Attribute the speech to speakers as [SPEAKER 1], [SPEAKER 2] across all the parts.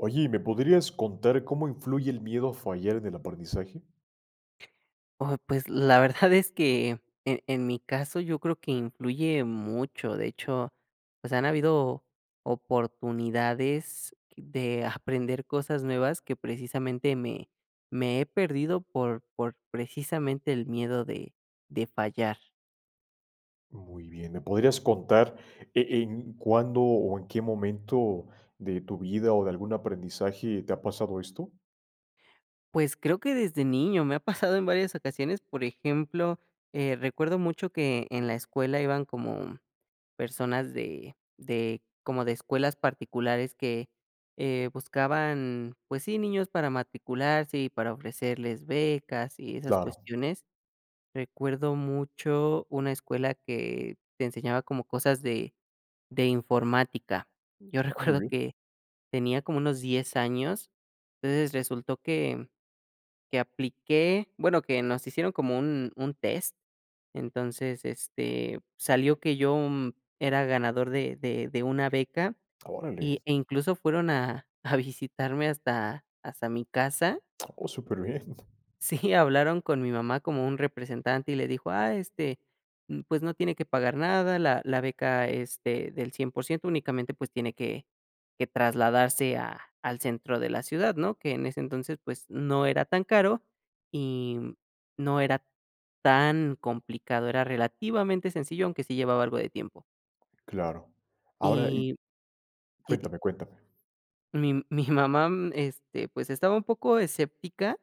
[SPEAKER 1] Oye, ¿y me podrías contar cómo influye el miedo a fallar en el aprendizaje?
[SPEAKER 2] Oh, pues la verdad es que en en mi caso yo creo que influye mucho, de hecho, pues han habido oportunidades de aprender cosas nuevas que precisamente me me he perdido por por precisamente el miedo de de fallar.
[SPEAKER 1] Muy bien, me podrías contar, eh, en, ¿cuándo o en qué momento de tu vida o de algún aprendizaje te ha pasado esto?
[SPEAKER 2] Pues creo que desde niño, me ha pasado en varias ocasiones, por ejemplo, eh, recuerdo mucho que en la escuela iban como personas de de como de escuelas particulares que, eh, buscaban, pues sí, niños para matricularse y para ofrecerles becas y esas
[SPEAKER 1] Claro.
[SPEAKER 2] cuestiones. Recuerdo mucho una escuela que te enseñaba como cosas de de informática. Yo
[SPEAKER 1] Ah, muy
[SPEAKER 2] recuerdo
[SPEAKER 1] bien.
[SPEAKER 2] que tenía como unos 10 años, entonces resultó que que apliqué, bueno, que nos hicieron como un un test, entonces, este, salió que yo, mm, era ganador de de de una beca y
[SPEAKER 1] Órale.
[SPEAKER 2] e incluso fueron a a visitarme hasta hasta mi casa.
[SPEAKER 1] Oh, superbién.
[SPEAKER 2] Sí, hablaron con mi mamá como un representante y le dijo: "Ah, este, mm, pues no tiene que pagar nada, la la beca es de del 100%, únicamente, pues tiene que que trasladarse a al centro de la ciudad", ¿no?, que en ese entonces, pues, no era tan caro y no era tan complicado, era relativamente sencillo, aunque sí llevaba algo de tiempo.
[SPEAKER 1] Claro, ahora y
[SPEAKER 2] Y, sí di
[SPEAKER 1] cuéntame cuéntame.
[SPEAKER 2] Mi mi mamá, este, pues, estaba un poco escéptica,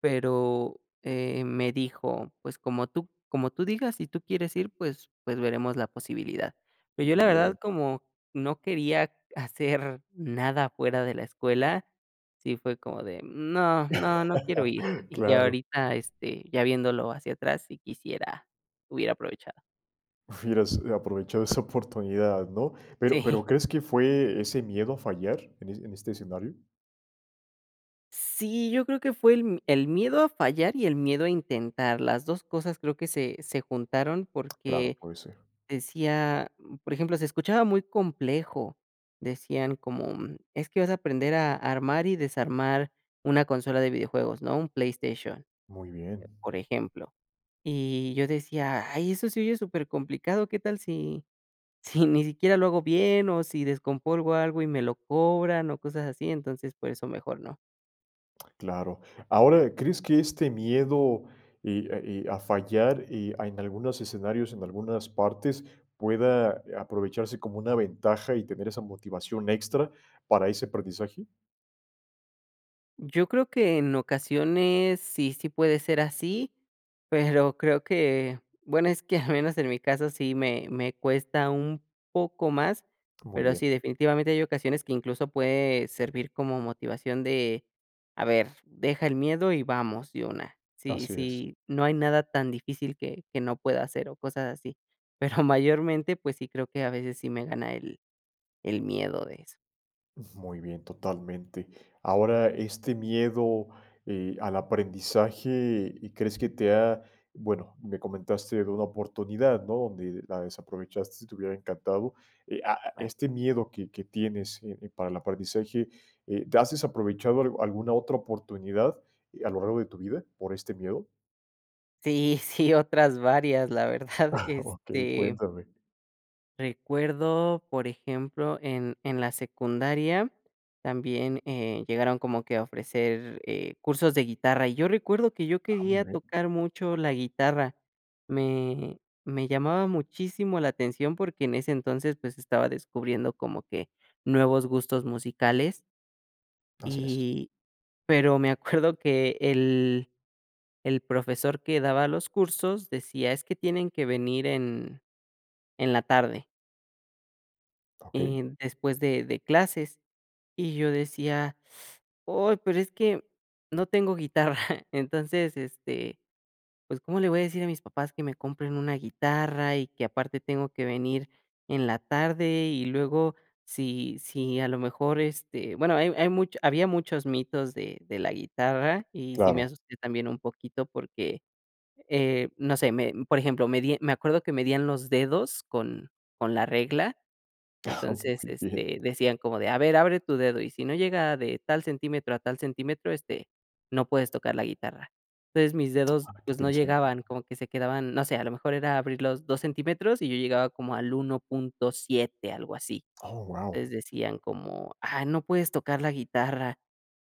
[SPEAKER 2] pero, eh, me dijo: "Pues, como tú como tú digas, si tú quieres ir, pues pues veremos la posibilidad", pero yo
[SPEAKER 1] Muy
[SPEAKER 2] la verdad,
[SPEAKER 1] bien.
[SPEAKER 2] como no quería hacer nada fuera de la escuela, sí fue como de: "Mm, no no no quiero ir", y
[SPEAKER 1] Claro.
[SPEAKER 2] ahorita, este, ya viéndolo hacia atrás, si quisiera, hubiera aprovechado.
[SPEAKER 1] Hubieras, eh, aprovechado esa oportunidad, ¿no?, ¿pero
[SPEAKER 2] Sí.
[SPEAKER 1] pero crees que fue ese miedo a fallar, en es en este escenario?
[SPEAKER 2] Sí, yo creo que fue el m el miedo a fallar y el miedo a intentar. Las 2 cosas creo que se se juntaron
[SPEAKER 1] Claro,
[SPEAKER 2] porque
[SPEAKER 1] puede ser.
[SPEAKER 2] decía, mm, por ejemplo, se escuchaba muy complejo. Decían como, mm: "Es que vas a aprender a armar y desarmar una consola de videojuegos", ¿no? Un PlayStation,
[SPEAKER 1] Muy bien.
[SPEAKER 2] por ejemplo. Y yo decía: "Ay, eso se oye súper complicado, ¿qué tal si si ni siquiera lo hago bien, o si descompongo algo y me lo cobran, o cosas así?". Entonces, por eso mejor no.
[SPEAKER 1] Claro, ahora, ¿crees que este miedo e a e a fallar, eh, a en algunos escenarios, en algunas partes, pueda, eh, aprovecharse como una ventaja y tener esa motivación extra para ese aprendizaje?
[SPEAKER 2] Yo creo que en ocasiones sí, sí puede ser así, pero creo que, bueno, es que al menos en mi caso sí me me cuesta un poco más,
[SPEAKER 1] Muy
[SPEAKER 2] pero
[SPEAKER 1] bien.
[SPEAKER 2] sí, definitivamente hay ocasiones que incluso puede servir como motivación de: "A ver, deja el miedo y vamos de una". Si
[SPEAKER 1] Así es.
[SPEAKER 2] si no hay nada tan difícil que que no pueda hacer o cosas así. Pero mayormente, pues sí creo que a veces sí me gana el el miedo de eso.
[SPEAKER 1] Muy bien, totalmente. Ahora, este miedo, eh, al aprendizaje, ¿y crees que te ha?, bueno, me comentaste de una oportunidad, ¿no?, donde la desaprovechaste y te hubiera encantado. Eh, ah,
[SPEAKER 2] Bue
[SPEAKER 1] este miedo que que tienes, eh, eh, para el aprendizaje, eh, ¿has desaprovechado al alguna otra oportunidad, eh, a lo largo de tu vida por este miedo?
[SPEAKER 2] Sí, sí, otras varias, la verdad,
[SPEAKER 1] Okey,
[SPEAKER 2] este
[SPEAKER 1] cuéntame.
[SPEAKER 2] Recuerdo, por ejemplo, en en la secundaria también, eh, llegaron como que a ofrecer, eh, cursos de guitarra, y yo recuerdo que yo
[SPEAKER 1] Ah, muy
[SPEAKER 2] quería
[SPEAKER 1] bien.
[SPEAKER 2] tocar mucho la guitarra. Me me llamaba muchísimo la atención porque en ese entonces, pues, estaba descubriendo como que nuevos gustos musicales.
[SPEAKER 1] Así es.
[SPEAKER 2] Y, pero me acuerdo que el el profesor que daba los cursos decía: "Es que tienen que venir en en la tarde".
[SPEAKER 1] Okey.
[SPEAKER 2] En después de de clases, y yo decía: "Uy, pero es que, no tengo guitarra". Entonces, este, pues, ¿cómo le voy a decir a mis papás que me compren una guitarra y que aparte tengo que venir en la tarde?, y luego, si si a lo mejor, este, bueno, hay hay mucho había muchos mitos de de la guitarra, y sí me
[SPEAKER 1] Claro.
[SPEAKER 2] asusté, también un poquito porque, eh, no sé, me por ejemplo, medi me acuerdo que medían los dedos con con la regla, entonces,
[SPEAKER 1] Muy bien.
[SPEAKER 2] este, decían como de: "A ver, abre tu dedo, y si no llega de tal centímetro a tal centímetro, este, no puedes tocar la guitarra". Entonces, mis dedos,
[SPEAKER 1] Ah, que
[SPEAKER 2] pues, no
[SPEAKER 1] interesante.
[SPEAKER 2] llegaban, como que se quedaban, no sé, a lo mejor era abrirlos 2 centímetros y yo llegaba como al 1.7, algo así.
[SPEAKER 1] ¡Oh,
[SPEAKER 2] Les
[SPEAKER 1] wao!
[SPEAKER 2] decían como: "Ah, no puedes tocar la guitarra".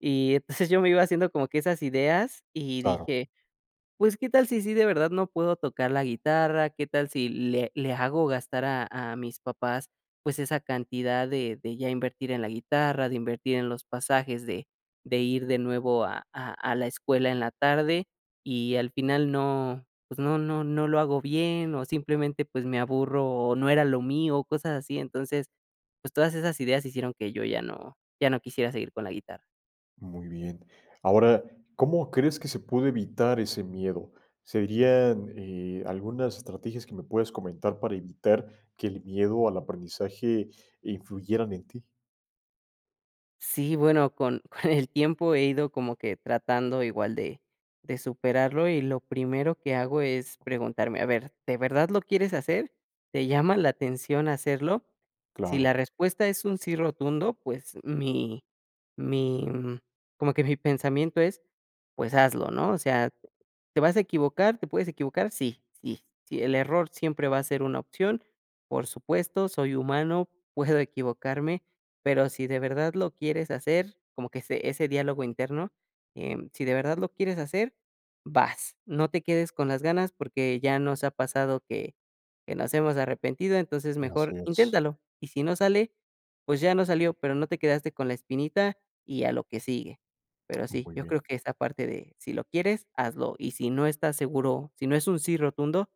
[SPEAKER 2] Y entonces, yo me iba haciendo como que esas ideas y
[SPEAKER 1] Claro.
[SPEAKER 2] dije: "Pues, ¿qué tal si, sí de verdad no puedo tocar la guitarra? ¿Qué tal si le le hago gastar a a mis papás, pues, esa cantidad de de ya invertir en la guitarra, de invertir en los pasajes, de de ir de nuevo a a a la escuela en la tarde?, y al final no, pues, no no no lo hago bien o simplemente, pues, me aburro o no era lo mío", cosas así. Entonces, pues, todas esas ideas hicieron que yo ya no ya no quisiera seguir con la guitarra.
[SPEAKER 1] Muy bien. Ahora, ¿cómo crees que se pudo evitar ese miedo?, serían, eh, algunas estrategias que me puedes comentar para evitar que el miedo al aprendizaje influyeran en ti.
[SPEAKER 2] Sí, bueno, con con el tiempo he ido como que tratando igual de de superarlo y lo primero que hago es preguntarme: "A ver, ¿de verdad lo quieres hacer? ¿Te llama la atención hacerlo?". Si la
[SPEAKER 1] Claro.
[SPEAKER 2] respuesta es un sí rotundo, pues mi mi, como que mi pensamiento es: "Pues hazlo", ¿no? O sea, ¿te vas a equivocar? ¿Te puedes equivocar? Sí, sí, sí, el error siempre va a ser una opción, por supuesto, soy humano, puedo equivocarme, pero, si de verdad lo quieres hacer, como que ese ese diálogo interno, eh, si de verdad lo quieres hacer, vas. No te quedes con las ganas porque ya nos ha pasado que que nos hemos arrepentido, entonces
[SPEAKER 1] Así
[SPEAKER 2] mejor
[SPEAKER 1] es.
[SPEAKER 2] inténtalo, y si no sale, pues, ya no salió, pero, no te quedaste con la espinita y a lo que sigue. Pero sí,
[SPEAKER 1] Muy
[SPEAKER 2] yo
[SPEAKER 1] bien.
[SPEAKER 2] creo que esta parte de si lo quieres, hazlo, y si no estás seguro, si no es un sí rotundo,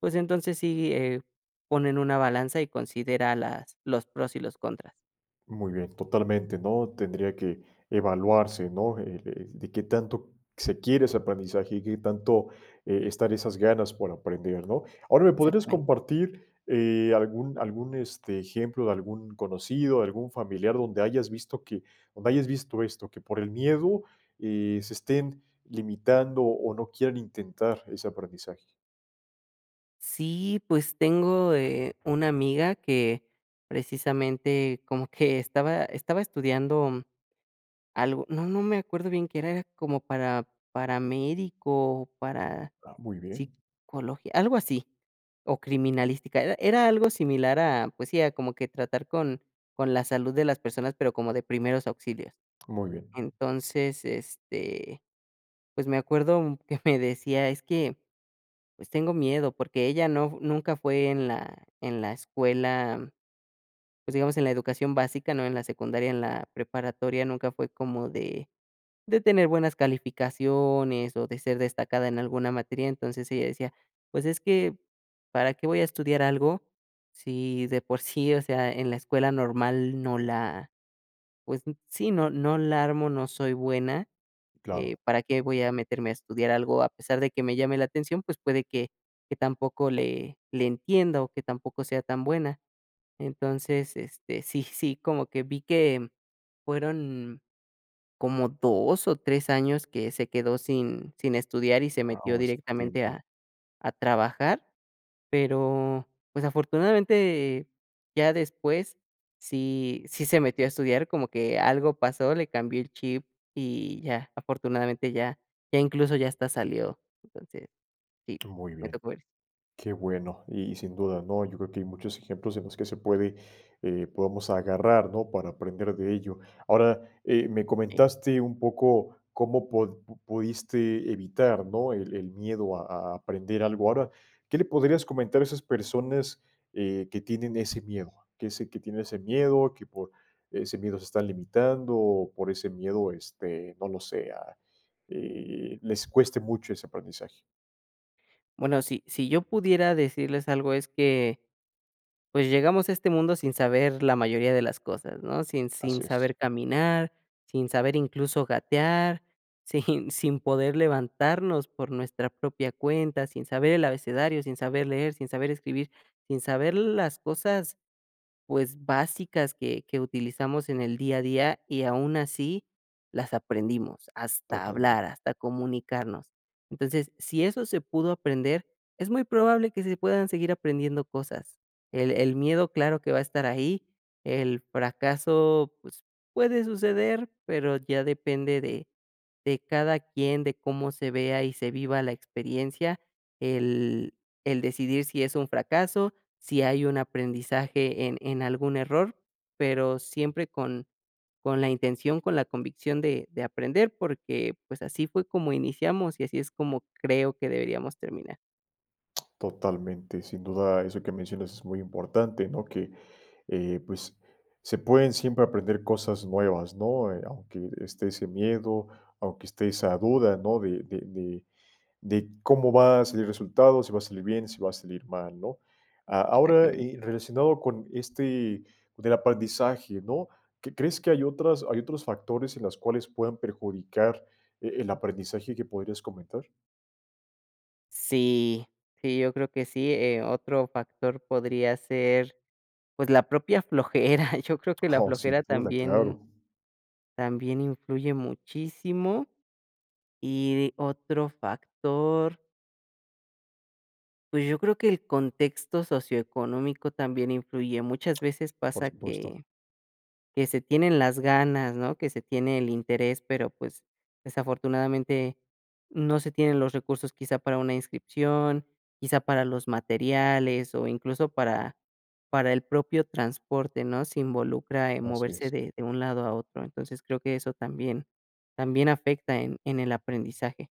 [SPEAKER 2] pues entonces sí, eh, pon en una balanza y considera las los pros y los contras.
[SPEAKER 1] Muy bien, totalmente, ¿no? Tendría que evaluarse, ¿no? Eh eh, de qué tanto se quiere ese aprendizaje y qué tanto, eh, estar esas ganas por aprender, ¿no? Ahora, ¿me podrías
[SPEAKER 2] Exactamente.
[SPEAKER 1] compartir, eh, algún algún este ejemplo de algún conocido, algún familiar donde hayas visto que donde hayas visto esto, que por el miedo, eh, se estén limitando o no quieran intentar ese aprendizaje.
[SPEAKER 2] Sí, pues tengo, eh, una amiga que precisamente como que estaba estaba estudiando algo, no no me acuerdo bien que era como para paramédico o para
[SPEAKER 1] Ah, muy bien.
[SPEAKER 2] psicología, algo así, o criminalística. Era era algo similar a pues sí, ah, como que tratar con con la salud de las personas, pero, como de primeros auxilios.
[SPEAKER 1] Muy bien.
[SPEAKER 2] Entonces, este, pues, me acuerdo que me decía es que, pues tengo miedo, porque, ella no, nunca fue en la en la escuela, pues digamos, en la educación básica, ¿no? En la secundaria, en la preparatoria, nunca fue como de de tener buenas calificaciones o de ser destacada en alguna materia, entonces ella decía: "Pues es que, ¿para qué voy a estudiar algo? Si de por sí, o sea, en la escuela normal no la, pues sí, no no la armo, no soy buena, eh,
[SPEAKER 1] Claro.
[SPEAKER 2] para qué voy a meterme a estudiar algo, a pesar de que me llame la atención, pues puede que que tampoco le le entiendo, o que tampoco sea tan buena". Entonces, este, sí sí, como que vi que fueron como 2 o 3 años que se quedó sin sin estudiar y se metió
[SPEAKER 1] Guau, es un
[SPEAKER 2] directamente
[SPEAKER 1] tiempo.
[SPEAKER 2] a a trabajar. Pero, pues, afortunadamente, ya después, sí sí se metió a estudiar, como que algo pasó, le cambió el chip, y ya afortunadamente ya ya incluso ya hasta salió entonces sí
[SPEAKER 1] Muy
[SPEAKER 2] me
[SPEAKER 1] bien,
[SPEAKER 2] tocó ver.
[SPEAKER 1] qué bueno. Y sin duda, ¿no? Yo creo que hay muchos ejemplos en los que se puede, eh, podamos agarrar, ¿no? Para aprender de ello. Ahora, eh, me
[SPEAKER 2] Eh.
[SPEAKER 1] comentaste un poco cómo pu pudiste evitar, ¿no? El el miedo a a aprender algo. Ahora, ¿qué le podrías comentar a esas personas, eh, que tienen ese miedo? Que se que tienen ese miedo, que por ese miedo se están limitando, o por ese miedo, este, no lo sé, ah, eh, les cueste mucho ese aprendizaje.
[SPEAKER 2] Bueno, sí sí yo pudiera decirles algo, es que, pues, llegamos a este mundo sin saber la mayoría de las cosas, ¿no?, sin sin
[SPEAKER 1] Así es.
[SPEAKER 2] saber caminar, sin saber incluso gatear, sin sin poder levantarnos por nuestra propia cuenta, sin saber el abecedario, sin saber leer, sin saber escribir, sin saber las cosas, pues básicas que que utilizamos en el día a día, y aun así las aprendimos, hasta
[SPEAKER 1] Totalmen
[SPEAKER 2] hablar, hasta comunicarnos, entonces, si eso se pudo aprender, es muy probable que se puedan seguir aprendiendo cosas. El el miedo claro que va a estar ahí, el fracaso, pues puede suceder, pero ya depende de de cada quién, de cómo se vea y se viva la experiencia, el el decidir si es un fracaso, si hay un aprendizaje en en algún error, pero siempre con con la intención, con la convicción de de aprender, porque pues así fue como iniciamos y así es como creo que deberíamos terminar.
[SPEAKER 1] Totalmente, sin duda eso que mencionas es muy importante, ¿no?, que, eh, pues, se pueden siempre aprender cosas nuevas, ¿no?, eh, aunque esté ese miedo, aunque esté esa duda, ¿no?, de de de de cómo va a salir resultado, si va a salir bien, si va a salir mal, ¿no?, a ahora,
[SPEAKER 2] Exactamen
[SPEAKER 1] relacionado con este del aprendizaje, ¿no?, ¿que crees que hay otras hay otros factores en las cuales puedan perjudicar, eh, el aprendizaje que podrías comentar?
[SPEAKER 2] Sí sí, yo creo que sí, eh, otro factor podría ser, pues la propia flojera, yo creo que la
[SPEAKER 1] Ah,
[SPEAKER 2] flojera
[SPEAKER 1] sin duda,
[SPEAKER 2] también
[SPEAKER 1] claro.
[SPEAKER 2] también influye muchísimo, y otro factor pues yo creo que el contexto socioeconómico también influye, muchas veces
[SPEAKER 1] Por
[SPEAKER 2] pasa
[SPEAKER 1] supuesto.
[SPEAKER 2] que que se tienen las ganas, ¿no?, que se tiene el interés, pero pues desafortunadamente no se tienen los recursos quizá para una inscripción, quizá para los materiales, o incluso para para el propio transporte, ¿no?, se involucra, eh,
[SPEAKER 1] Así
[SPEAKER 2] moverse
[SPEAKER 1] es.
[SPEAKER 2] de de un lado a otro, entonces, creo que eso también también afecta en en el aprendizaje.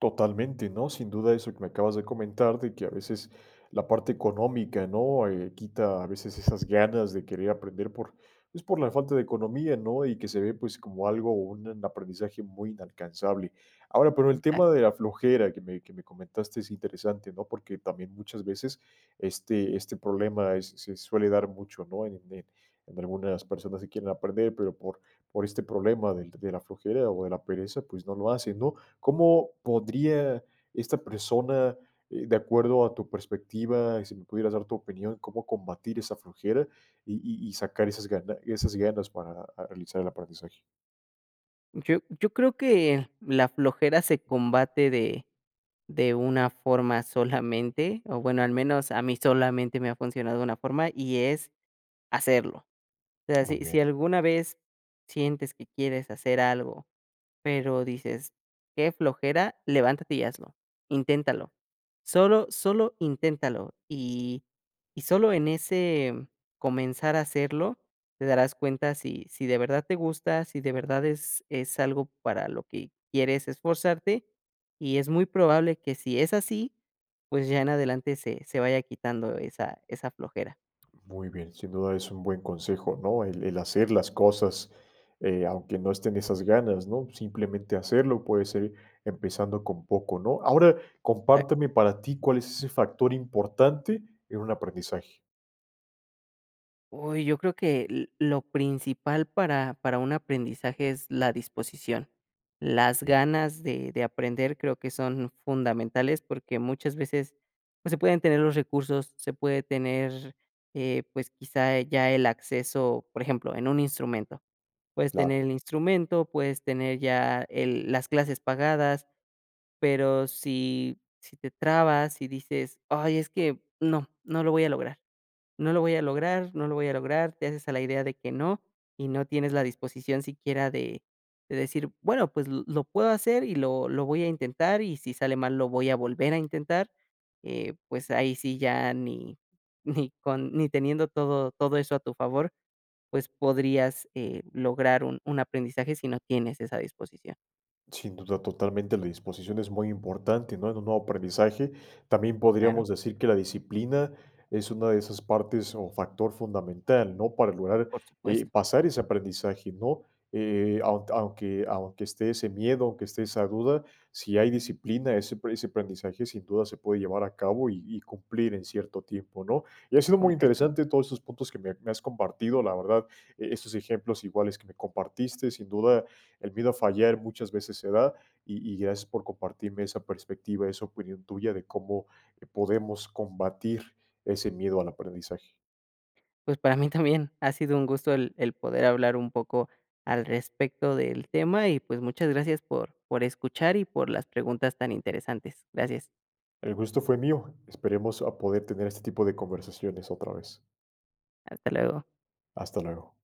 [SPEAKER 1] Totalmente, ¿no?, sin duda eso que me acabas de comentar, de que a veces la parte económica, ¿no?, eh, quita a veces esas ganas de querer aprender por, pues, por la falta de economía, ¿no?, y que se ve, pues, como algo un aprendizaje muy inalcanzable. Ahora, pero el
[SPEAKER 2] [unintelligible]
[SPEAKER 1] tema de la flojera que me que me comentaste es interesante, ¿no?, porque también muchas veces este este problema es se suele dar mucho, ¿no?, en en en algunas personas que quieren aprender, pero por por este problema del de la flojera o de la pereza, pues no lo hacen, ¿no?, ¿cómo podría esta persona, eh, de acuerdo a tu perspectiva? Si me pudieras dar tu opinión, ¿cómo combatir esa flojera y y y sacar esas gana esas ganas para realizar el aprendizaje?
[SPEAKER 2] Yo yo creo que la flojera se combate de de una forma solamente, o bueno al menos a mí solamente me ha funcionado una forma, y es hacerlo. O sea
[SPEAKER 1] Muy
[SPEAKER 2] si si
[SPEAKER 1] bien.
[SPEAKER 2] alguna vez sientes que quieres hacer algo, pero dices: "Qué flojera", levántate y hazlo, inténtalo, solo solo inténtalo y y solo en ese comenzar a hacerlo te darás cuenta si si de verdad te gusta, si de verdad es es algo para lo que quieres esforzarte y es muy probable que si es así pues ya en adelante se se vaya quitando esa esa flojera.
[SPEAKER 1] Muy bien, sin duda, es un buen consejo, ¿no?, el el hacer las cosas, eh, aunque no estén esas ganas, ¿no?, simplemente hacerlo, puede ser empezando con poco, ¿no?, ahora,
[SPEAKER 2] [unintelligible]
[SPEAKER 1] compárteme, ¿para ti cuál es ese factor importante en un aprendizaje?
[SPEAKER 2] Uy, yo creo que lo lo principal para para un aprendizaje es la disposición,
[SPEAKER 1] Muy
[SPEAKER 2] las
[SPEAKER 1] bien.
[SPEAKER 2] ganas de de aprender creo que son fundamentales, porque muchas veces, pues, se pueden tener los recursos, se puede tener, eh, pues, quizá ya el acceso, por ejemplo, en un instrumento. Puedes tener
[SPEAKER 1] Claro.
[SPEAKER 2] el instrumento, puedes tener ya el las clases pagadas, pero si si te trabas y dices: "Ay, es que no no lo voy a lograr no lo voy a lograr no lo voy a lograr". Te haces a la idea de que no, y no tienes la disposición siquiera de de decir: "Bueno, pues lo lo puedo hacer y lo lo voy a intentar, y si sale mal lo voy a volver a intentar", eh, pues ahí sí ya ni ni con ni teniendo todo todo eso a tu favor, pues podrías, eh, lograr un un aprendizaje si no tienes esa disposición.
[SPEAKER 1] Sin duda, totalmente, la disposición es muy importante, ¿no?, en un nuevo aprendizaje, también
[SPEAKER 2] Claro.
[SPEAKER 1] podríamos decir que la disciplina es una de esas partes o factor fundamental, ¿no?, para lograr,
[SPEAKER 2] Por
[SPEAKER 1] eh,
[SPEAKER 2] supuesto.
[SPEAKER 1] pasar ese aprendizaje, ¿no?, eh, aun aunque aunque esté ese miedo, aunque esté esa duda, si hay disciplina, ese pre ese aprendizaje sin duda se puede llevar a cabo y y cumplir en cierto tiempo, ¿no?, y ha sido muy
[SPEAKER 2] Completamente.
[SPEAKER 1] interesante todos estos puntos que me me has compartido, la verdad, esos ejemplos iguales que me compartiste, sin duda, el miedo a fallar muchas veces se da, y y gracias por compartirme esa perspectiva, esa opinión tuya de cómo podemos combatir ese miedo al aprendizaje.
[SPEAKER 2] Pues para mí también, ha sido un gusto el el poder hablar un poco al respecto del tema y, pues, muchas gracias por por escuchar y por las preguntas tan interesantes, gracias.
[SPEAKER 1] El gusto fue mío, esperemos a poder tener este tipo de conversaciones otra vez.
[SPEAKER 2] Hasta luego.
[SPEAKER 1] Hasta luego.